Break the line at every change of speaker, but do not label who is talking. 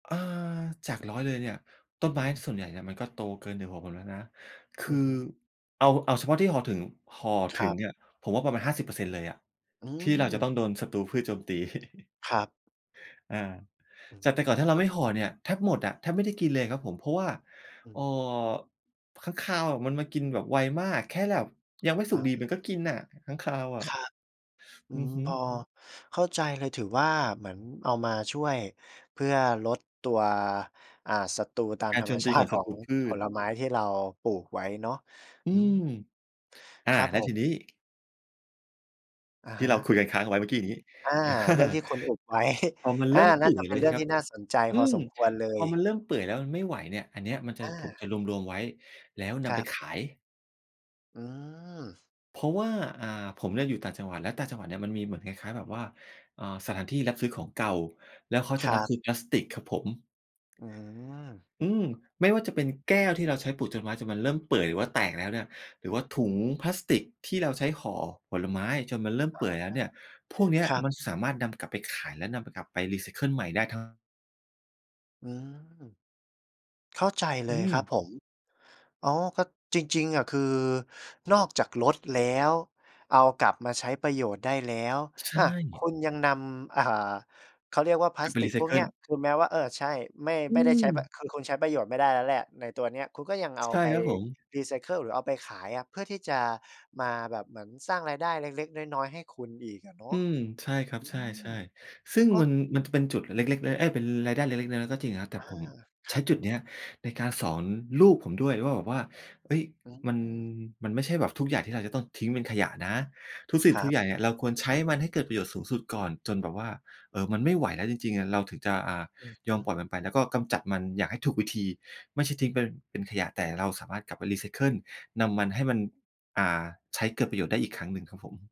อา จาก 100 เลยเนี่ย ต้นไ
อ
ม
ื
้
ม
ส่วนใหญ่เนี่ยมันก็โตเกิน 1 หัวผมแล้วนะ ค
อื
ือ
อฮึ
เอา เอาเฉพาะที่ห่อถึง ห่อ
ค
ถึ
รั
ง
บ
เนี่ย ผมว่าประมาณ 50% เลยอะ
อื
ที่เราจะ
ม
ต้องโดนศัตรูพืชโจมตี
ครับ
อา
อื
จากแ
ม
ต่ก่อนถ้าเร
ก
า
็
ไม่ห่อเนี่ย แทบหมดอะ แทบไม่ได้กินเลยครับผม เพราะว่า
อื
เอ่อ
ม
ค้างคาวอะมันมากินแบบไวมาก แค่แบบยังไม่สุ
อ
กดี
า
มันก็กินน่ะ ค้างคาวอ
ค
ะ
รับ อื
อือ
ม
ฮึ
พอเข้าใจเลย ถือว่าเหมือนเอามาช่วยเพื่อลดตัว อ่า ศัตรูตาม
การ
ธร
โจ
รม
ม
ช
ตี
า
ข
ติ
อง
ข
ศั
อ
ต
ง
รูพื
ผ
ช
ลไม้ที่เราปลูกไว้เนาะ
อื
อื
ม
ม
อา
ครับ
แล้
ผ
วทีนี้
ม อะ
ที
ฮ
่เราค
ะ
ุยกันค้างไว้เมื่อกี้นี้
อา
อา
เรื่องที่คุณอุบ ไว้
พอมัน
อ
เร
า
ิ่มเ
น่
ป
า
ื่
จ
อ
ะ
ย
เป
แ
็
ล้
น
ว
เรื่อง
ครั
ท
บ
ี่น่าสนใจ
อื
พอ
ม
สมควรเล
พอ
ย
มันเริ่มเปื่อยแล้วมันไม่ไหวเนี่ย อันเนี้ยมันจะ
อ
ผม
า
จะรวม ๆ ไว้ แล้วน
คร
ำไป
ับ
ขาย
อืม
เพราะว่า อ่า ผมน่ะอยู่ต่างจังหวัด และต่างจังหวัดเนี่ย มันมีเหมือนคล้าย ๆ แบบว่า อ่า สถานที่รับซื้อของเก่า แล้วเขา
ค
จะ
ร
รับ
ับ
ซื้อพลาสติกครับผม
อืม
อืม ไม่ว่าจะเป็นแก้วที่เราใช้ปลูกจนไม้ จนมันเริ่มเปื่อย หรือว่าแตกแล้วเนี่ย หรือว่าถุงพลาสติกที่เราใช้ห่อผลไม้จนมันเริ่ม
อ
เป
า
ื่อยแล้วเนี่ย พวกเนี้ย
ครับ
มันสามารถนำกลับไปขาย และนำไป กลับไปรีไซเคิลใหม่ได้ทั้ง
อืม เข้าใจเล
อื
ย
ม
ครับผม อ๋อ ก็ จริง ๆ อะ คือนอกจากลดแล้ว เอากลับมาใช้ประโยชน์ได้แล้ว
ใช
อา ค
่
ุณยังนำ อ่า เขาเรียกว่าพล
ค
า
ือ
ส
ไป
ติ
รี
ก
ไซ
พว
เ
ก
ค
เน
ิ
ี
ล
้ย คือแม้ว่า เออ ใช่ ไม่
อื
ไม่ได้ใช้ ป
ม
คือคุณใช้ประโยชน์ไม่ได้แล้วแหละในตัวเนี้ย คุณก็ยังเอา
ใช่
ไป
ครับผม
รีไซเคิล หรือเอาไปขายอะ เพื่อที่จะมาแบบเหมือนสร้างรายได้เล็ก ๆ น้อย ๆ ให้คุณอีกอะเนาะ
อืม ใช่ครั
อ
บ
ื
ใช
ม
่ ๆ ซึ่ง
ก็
มัน มันจะเป็นจุดเล็ก ๆ ล เอ๊ย เป็นรายได้เล็ก ๆ น้อย ๆ ก็จริงอะครับ แต่
อา
ผม
ค
ใช
รั
้
บ
จุดเนี้ยในการสอนลูกผมด้วยว่า แบบว่า เอ๊ย
อื
มัน
ม
มันไม่ใช่แบบทุกอย่างที่เราจะต้องทิ้งเป็นขยะนะ ทุกสิ่
ค
ง
ร
ท
ั
ุก
บ
อย่างเนี่ยเราควรใช้มันให้เกิดประโยชน์สูงสุดก่อน จนแบบว่า เออ มันไม่ไหวแล้วจริง ๆ อะ เราถึงจะ อ่า
อือฮ
ยอมปล
ึ
่อยมันไป แล้วก็กำจัดมันอย่างให้ถูกวิธี ไม่ใช่ทิ้งเป็น เป็นขยะ แต่เราสามารถกลับไปรีไซเคิล นำมัน ให้มัน อ่า ใช้เกิดประโยชน์ได้อีกครั้งหนึ่งครับผม